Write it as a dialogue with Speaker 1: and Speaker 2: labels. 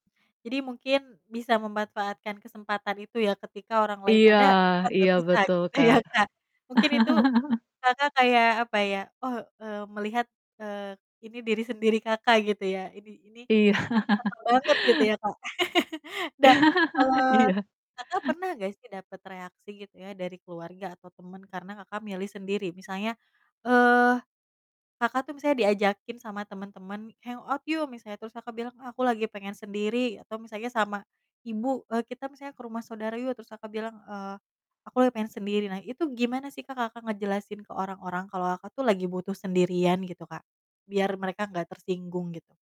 Speaker 1: Jadi mungkin bisa memanfaatkan kesempatan itu ya, ketika orang lain
Speaker 2: Iya
Speaker 1: ada, Kakak, gak
Speaker 2: iya
Speaker 1: bisa
Speaker 2: betul,
Speaker 1: gitu ya,
Speaker 2: Kak.
Speaker 1: Kak? Mungkin itu, Kakak kayak, apa ya, oh, eee, melihat, eee, ini diri sendiri Kakak, gitu ya, ini ini, ih
Speaker 2: Iya.
Speaker 1: ganteng banget gitu ya, Kak? Dah, kalau,
Speaker 2: Iya.
Speaker 1: Kakak, pernah nggak sih dapet reaksi gitu ya dari keluarga atau teman karena Kakak, milih sendiri? Misalnya, eee, Kakak, tuh misalnya diajakin sama temen-temen, "Hang out. yuk!" misalnya, terus Kakak bilang, "Ah, aku lagi pengen sendiri," atau misalnya, sama ibu, eee, "Kita," misalnya, "ke rumah saudara yuk!" Terus, Kakak, bilang, eee, "Aku lagi pengen sendiri." Nah, itu gimana sih Kak, Kakak ngejelasin ke orang-orang kalau Kakak, tuh lagi butuh sendirian gitu Kak? Biar mereka enggak tersinggung, gitu?